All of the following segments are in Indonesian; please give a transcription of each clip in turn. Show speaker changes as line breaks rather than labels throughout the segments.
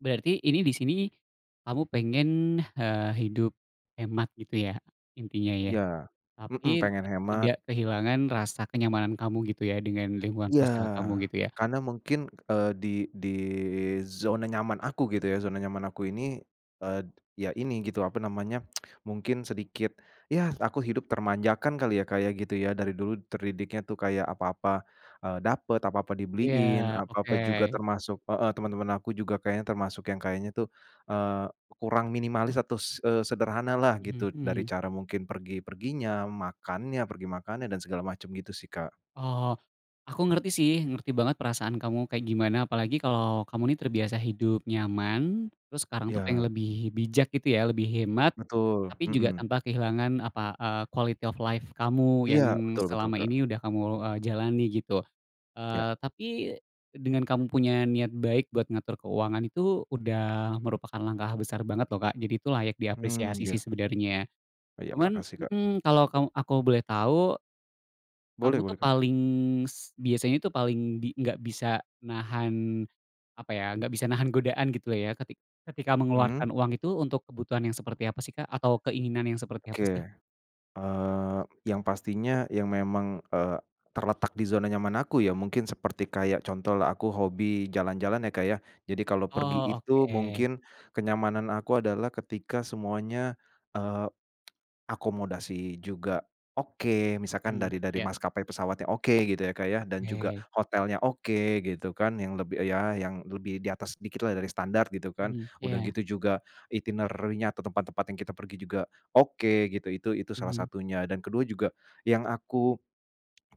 Berarti ini disini kamu pengen, eee, hidup hemat, gitu ya, intinya, ya?
Iya, mhm,
Tapi
pengen
tetap
hemat.
tidak kehilangan rasa kenyamanan kamu, gitu ya, dengan lingkungan
Iya,
sosial kamu, gitu ya?
karena mungkin, eee, di di zona nyaman aku, gitu ya, zona nyaman aku ini, eee, ya, ini gitu, apa namanya, mungkin sedikit, ya aku hidup termanjakan kali ya, Kak, ya, gitu ya, dari dulu terdidiknya tuh kayak apa-apa, eee, dapet, apa-apa dibeliin,
Ya,
apa-apa juga
oke.
termasuk heeh, teman-teman aku juga kayaknya termasuk yang kayaknya tuh, eee, kurang minimalis atau se eee, sederhana lah
Mhm
gitu, dari
mhm.
cara mungkin pergi-perginya, makannya, pergi makannya dan segala macam, gitu sih, Kak.
Oh, aku ngerti sih, ngerti banget perasaan kamu kayak gimana, apalagi kalo kamu nih, terbiasa hidup nyaman, terus sekarang tuh
Ya.
pengen lebih bijak, gitu ya, lebih hemat,
Betul,
tapi juga
mhm.
tanpa kehilangan apa, eee, quality of life kamu yang
Iya, betul betul,
selama
Kak.
ini udah kamu e jalani, gitu.
Ya.
Eee, tapi dengan kamu punya niat baik buat ngatur keuangan, itu udah merupakan langkah besar banget, loh, Kak, jadi itu layak
Mmm,
diapresiasi sih,
ya.
sebenernya.
Iya,
Cuman
makasih, Kak.
mhm, kalo kamu aku boleh tau kamu
Boleh,
tuh
boleh, Kak.
paling s biasanya tuh paling di nggak bisa nahan, apa ya, nggak bisa nahan godaan, gitu lah ya, ketik ketika
Mhm.
mengeluarkan uang itu, untuk kebutuhan yang seperti apa sih, Kak? Atau keinginan yang seperti
Oke,
apa sih?
eee, yang pastinya yang memang, eee, terletak di zona nyaman aku ya, mungkin seperti kayak contohlah aku hobi jalan-jalan ya, Kak, ya. Jadi kalau pergi
Oh,
itu
oke.
mungkin kenyamanan aku adalah ketika semuanya, eee, akomodasi juga oke, misalkan
Hmm,
dari dari
ya.
maskapai pesawatnya, oke, gitu ya, Kak, ya, dan juga
Oke.
hotelnya oke, gitu kan. Yang lebih, eee, ya yang lebih di atas dikitlah dari standar, gitu kan.
Mhm,
Udah
iya.
gitu juga, itinerary-nya atau tempat-tempat yang kita pergi juga oke, gitu. Itu itu salah
Mhm.
satunya dan ke-2 juga, yang aku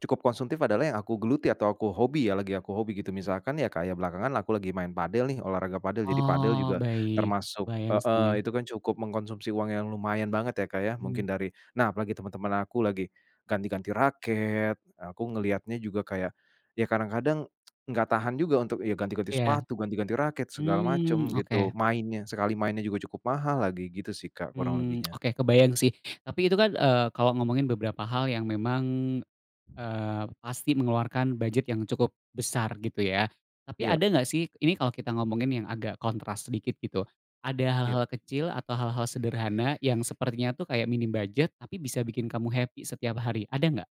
cukup konsumtif adalah yang aku geluti, atau aku hobi ya, lagi aku hobi gitu, misalkan ya, kayak belakangan aku lagi main padel nih, olahraga padel. Jadi padel
Oh,
juga
baik,
termasuk
kebayang
heeh,
sih.
itu kan cukup mengkonsumsi uang yang lumayan banget, ya, Kak, ya, mungkin
Mhm.
dari nah, apalagi teman-teman aku lagi ganti-ganti raket, aku ngelihatnya juga kayak, ya kadang-kadang nggak tahan juga untuk ya ganti-ganti
Iya.
sepatu, ganti-ganti raket segala
Mmm,
macem gitu,
oke.
mainnya, sekali mainnya juga cukup mahal lagi, gitu sih, Kak, kurang
Mmm,
lebihnya.
oke, kebayang sih. Tapi itu kan, eee, kalau ngomongin beberapa hal yang memang, eee, pasti mengeluarkan bujet yang cukup besar, gitu ya. Tapi ada
Iya.
nggak sih, ini kalo kita ngomongin yang agak kontras sedikit, gitu. Ada
Iya.
hal-hal kecil atau hal-hal sederhana yang sepertinya tuh kayak minim bujet tapi bisa bikin kamu happy setiap hari, ada nggak?